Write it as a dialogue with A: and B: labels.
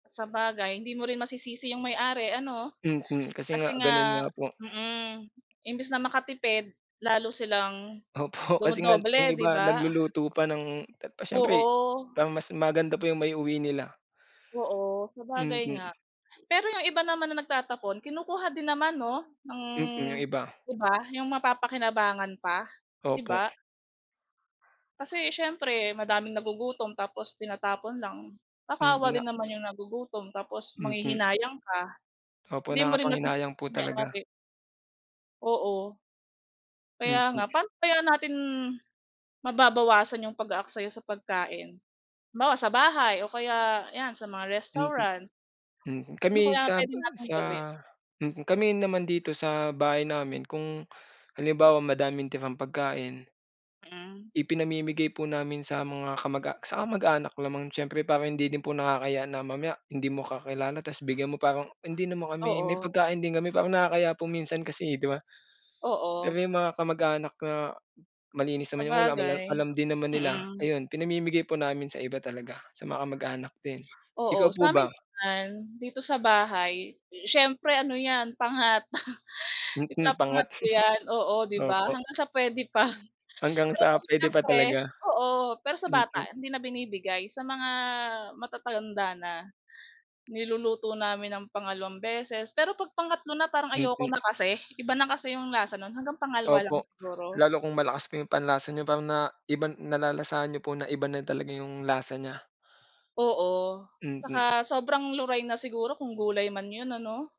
A: Sabagay hindi mo rin masisisi 'yong may-ari ano,
B: Mhm, kasi nga
A: kasi
B: ganun
A: nga,
B: nga po.
A: mm, imbis na makatipid, lalo silang,
B: Opo, kasi nga yung
A: dumodoble 'di
B: iba
A: ba?
B: nagluluto pa ng pa siyempre,
A: Oo.
B: parang mas maganda pa yung maiuwi nila.
A: Oo sabagay
B: Mm.
A: nga. Pero yung iba naman na nagtatapon kinukuha din naman no, ng,
B: Mm, yung iba.
A: di ba? Yung mapapa-kinabangan pa di
B: Opo.
A: ba? Kasi siyempre madaming nagugutom tapos tinatapon lang.
B: Mm,
A: Nakakaawa
B: na
A: din naman yung nagugutom tapos
B: Mm.
A: manghihinayang ka.
B: Opo,
A: Hindi mo rin masisi
B: nakakapanghinayang po
A: yung
B: talaga.
A: may-ari. Oo. Kaya
B: Mm.
A: nga, paano kaya natin, mababawasan yung pag-aaksaya sa pagkain? Halimbawa sa bahay o kaya yan sa mga
B: Hmm.
A: restaurant.
B: Mhm
A: Ano
B: kami
A: kaya
B: sa
A: pwede nating
B: sa,
A: gawin?
B: mhm, kami naman dito sa bahay namin kung halimbawa madaming tirang pagkain.
A: Hmm.
B: Ipinamimigay po namin sa mga kamag-a sa kamag-anak lamang siyempre parang hindi din po nakakahiya na mamaya hindi mo kakilala tas bigyan mo parang hindi naman kami may
A: Oo.
B: pagkain din kami parang nakakahiya po minsan kasi eh, di ba?
A: Oo.
B: Pero yung mga kamag-anak na, malinis naman yung ulam
A: Sabagay.
B: alam din naman nila,
A: Mm.
B: ayun pinamimigay po namin sa iba talaga, sa mga kamag-anak din, ikaw
A: Oo
B: po
A: samin
B: ba?
A: naman, dito sa bahay, siyempre ano yan, pangat.
B: Hmm,
A: Ipapangat
B: pangat.
A: ko yan, oo di ba,
B: Opo
A: hanggang sa pwede pa.
B: Hanggang
A: Pero
B: sa
A: kasi
B: pwede pa
A: siyempre
B: talaga.
A: oo pero sa bata
B: Mm.
A: hindi na binibigay sa mga matatanda na. Niluluto namin ng pangalawang beses pero 'pag pangatlo na parang ayoko
B: Mm.
A: na kasi, iba na kasi yung lasa nun, hanggang pangalawa lang
B: Opo.
A: siguro.
B: Lalo kung malakas pa yung panlasa niyo parang na iba nalalasahan niyo po na iba na talaga yung lasa niya.
A: Oo.
B: Hmm.
A: Saka sobrang luray na siguro kung gulay man 'yon ano?